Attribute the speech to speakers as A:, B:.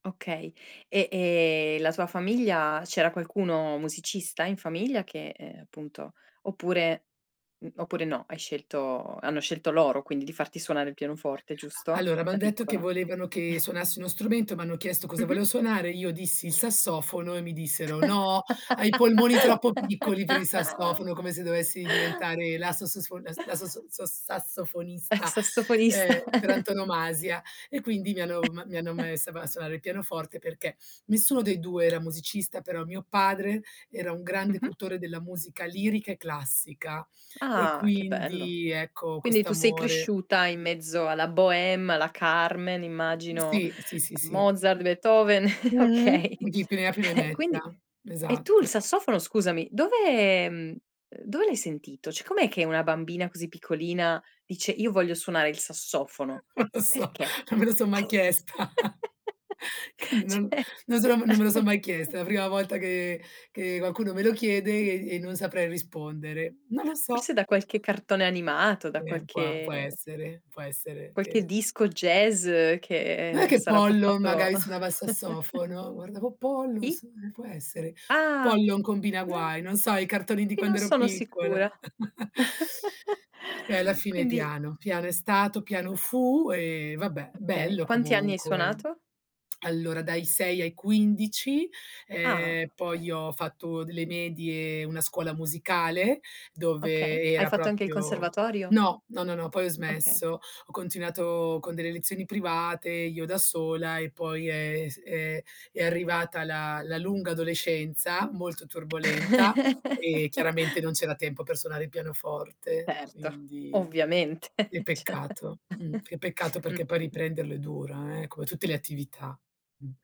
A: Okay. E, ehm, la tua famiglia c'era qualcuno musicista in famiglia che, ehm, appunto oppure mhmm, oppure no, hai scelto hanno scelto loro quindi di farti suonare il pianoforte,
B: A
A: giusto?
B: allora, m'han
A: Da
B: detto che
A: piccola.
B: volevano che suonassi uno strumento, m'hanno chiesto cosa
A: Mh-mh.
B: volevo suonare, io dissi il sassofono e mi dissero: "No, hai i polmoni troppo piccoli per il sassofono", come se dovessi diventare la sasosfo la s la sosso so sassofonista,
A: Sassofonista.
B: ehm, per antonomasia. E quindi mi hanno ma mi hanno messa ba a suonare il pianoforte perché nessuno dei 2 era musicista, però mio padre era un grande
A: Mh-mh.
B: cultore della musica lirica e classica. E
A: Ah, che bello.
B: quindi ecco,
A: Quindi tu sei
B: quest'amore
A: cresciuta in mezzo alla Boheme, alla Carmen, immagino
B: Sì. Sì, sì,
A: a
B: sì.
A: Mozart, Beethoven,
B: Mh.
A: okay.
B: Chi più ne ha più ne
A: Eh, quindi
B: metta,
A: e tu il
B: esatto.
A: sassofono scusami, dove ehm, ehm, dove l'hai sentito? Cioè com'è che una bambina così piccolina dice: "Io voglio suonare il sassofono"?
B: Non lo so.
A: Perché?
B: Non me lo so mai chiesta. Che non,
A: Cioè
B: non so non me lo sono mai chiesta, è la prima volta che che qualcuno me lo chiede
A: Mh.
B: e e non saprei rispondere. Non lo so.
A: Forse da qualche cartone animato, da
B: Eh, puà
A: qualche
B: può essere. Può essere
A: qualche
B: che
A: disco jazz
B: Non è
A: che
B: che
A: sarà
B: Pollon
A: passato
B: magari suonava il sassofono? Guardavo Pollon,
A: I?
B: sì, può essere.
A: Ah.
B: Pollon combina
A: No.
B: guai, non so i cartoni di
A: I
B: quando
A: non
B: ero
A: sono
B: piccola.
A: sicura.
B: E alla fine
A: Quindi
B: piano, piano è stato, piano fu e vabbè,
A: Okay.
B: bello
A: Quanti anni hai
B: comunque.
A: suonato?
B: Allora dai 6 ai 15.
A: Ah,
B: Ehm, poi
A: okay.
B: ho fatto delle medie, una scuola musicale dove
A: Okay, hai
B: era
A: fatto anche il
B: proprio
A: conservatorio?
B: no. No, no, no, poi ho
A: Okay.
B: smesso. Ho continuato con delle lezioni private, io da sola e poi è è s è è arrivata la la lunga adolescenza molto turbolenta, e chiaramente non c'era tempo per suonare il pianoforte,
A: Certo.
B: quindi
A: Ovviamente,
B: che
A: cioè
B: peccato, mh. Che peccato perché poi
A: Mh-mh.
B: riprenderlo è dura, eh, come tutte le attività. Mh.